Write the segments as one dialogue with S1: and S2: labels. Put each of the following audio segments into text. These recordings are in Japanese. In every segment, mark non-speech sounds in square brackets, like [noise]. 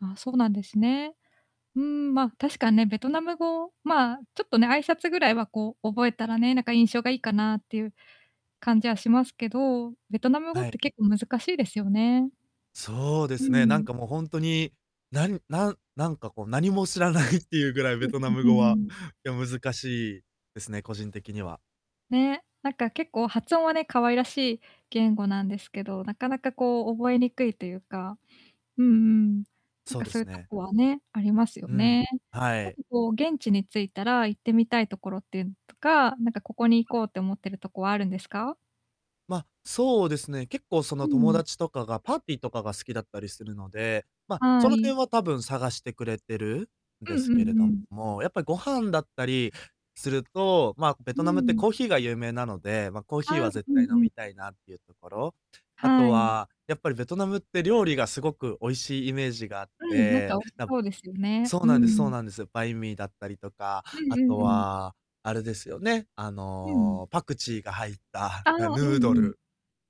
S1: ああ、そうなんですね。うーん、ま、確か、ね、ベトナム語、まあ、ちょっとね、挨拶ぐらいは、こう、覚えたらね、なんか印象がいいかなってゆう感じはしますけど、ベトナム語っ
S2: は
S1: て
S2: い。
S1: 結構難しいですよね。
S2: そうで
S1: う
S2: すね、なん
S1: ん。
S2: かもうほんとに、なんなんなんかこう、何も知らない [chuckles] っていうぐらい、ベトナム
S1: うん、ん、う
S2: 語
S1: ん
S2: は、
S1: うん。
S2: や、難しいですね、個人的には。
S1: ね、なんか結構、発音はね、可愛らしい言語なんですけど、なかなかこう、覚えにくいとゆうか。うんうん。なん
S2: そう
S1: か、
S2: で
S1: そ
S2: す
S1: ゆと
S2: ね。
S1: こはね、ありますよ
S2: うん、
S1: ね。
S2: は
S1: なん
S2: い。
S1: かこう、現地に着いたら行ってみたいところっていうのとか、なんか、ここに行こうって思ってるとこはあるんですか？
S2: ま、そうですね、結構そ
S1: う
S2: の、友
S1: ん。
S2: 達とかが、パーティーとかが好きだったりするので、ま、
S1: は
S2: その
S1: い。
S2: 辺はたぶん、探してくれてる
S1: うん
S2: で
S1: う
S2: すけれ
S1: んう
S2: ど
S1: ん。
S2: も、やっぱ、ご飯だったりすると、まあ、ベ
S1: う
S2: トナ
S1: ん
S2: ム
S1: う
S2: って
S1: ん。
S2: コーヒーが有名なので、ま、コーヒー
S1: ああ、
S2: は
S1: う
S2: 絶
S1: うん
S2: 対飲
S1: う
S2: み
S1: ん。
S2: たいなっていうところ。あ
S1: は
S2: と
S1: い。
S2: は、やっぱりベトナムって料理がすごくおいしいイメージがあっ
S1: うん、なんか
S2: て、
S1: 美味し
S2: な、む
S1: そうですよね。
S2: そう
S1: う
S2: な
S1: ん
S2: ん
S1: う
S2: ですそう
S1: ん。
S2: なんです。バインミーだったりとか、
S1: う
S2: あ
S1: んう
S2: と
S1: んうん。
S2: は、あれですよね、あ
S1: うん。
S2: の、パクチーが入った、
S1: ああ、
S2: あ、ヌ
S1: うんう
S2: ード
S1: ん。
S2: ル。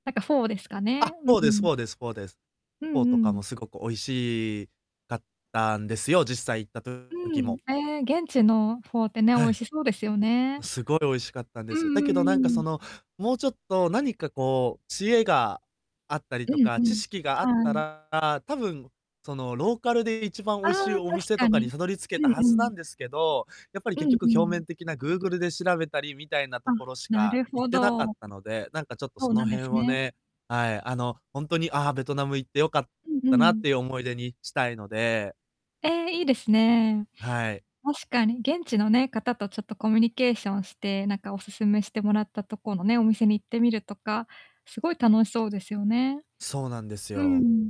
S1: なんか、フォーですか
S2: あ！
S1: ね、うん
S2: フォー
S1: う
S2: です
S1: ん。
S2: フォーですフォーです。
S1: うん
S2: フォーと
S1: う
S2: かも
S1: ん。
S2: すごく美味しいかったんですよ、実際行った
S1: う
S2: 時
S1: ん、
S2: も。
S1: ええ、現地のフォーってね、美
S2: は
S1: 味
S2: い。
S1: しそうですよね。
S2: すごい美味しかったん
S1: う
S2: です。だけ
S1: んう
S2: どなんか、
S1: んう
S2: そ
S1: ん。
S2: の、もうちょっと何かこう、知恵があったり
S1: う
S2: と
S1: ん
S2: か、
S1: う
S2: 知
S1: ん、
S2: 識があ
S1: は
S2: った
S1: い。
S2: ら、たぶん、その、ローカルで一番美
S1: あ
S2: 味しい
S1: あ、
S2: お
S1: 確
S2: 店
S1: か
S2: とかに
S1: に。
S2: たどり着
S1: う
S2: けた
S1: ん
S2: は
S1: う
S2: ずな
S1: ん。
S2: んですけど、やっぱり、
S1: う
S2: 結
S1: ん
S2: 局、
S1: う
S2: 表
S1: ん。
S2: 面的な、Google で調べたりみたいな
S1: あ、
S2: ところし
S1: な
S2: か
S1: る
S2: 行
S1: ほ
S2: ってなかっ
S1: ど。
S2: たので、なんかちょっと
S1: そう
S2: その
S1: なんで
S2: 辺
S1: す
S2: を
S1: ね。
S2: ね、はい、あの、ほんとに、あ、ベトナム行ってよかっ
S1: うんう
S2: たなっ
S1: ん。
S2: ていう思い出にしたいので。
S1: ええ、いいですね。
S2: はい。
S1: 確かに、現地のね、方とちょっとコミュニケーションして、なんかお勧めしてもらったとこのね、お店に行ってみるとか、すごい楽しそうですよね。
S2: そうなんです
S1: うんう
S2: よ。
S1: ん。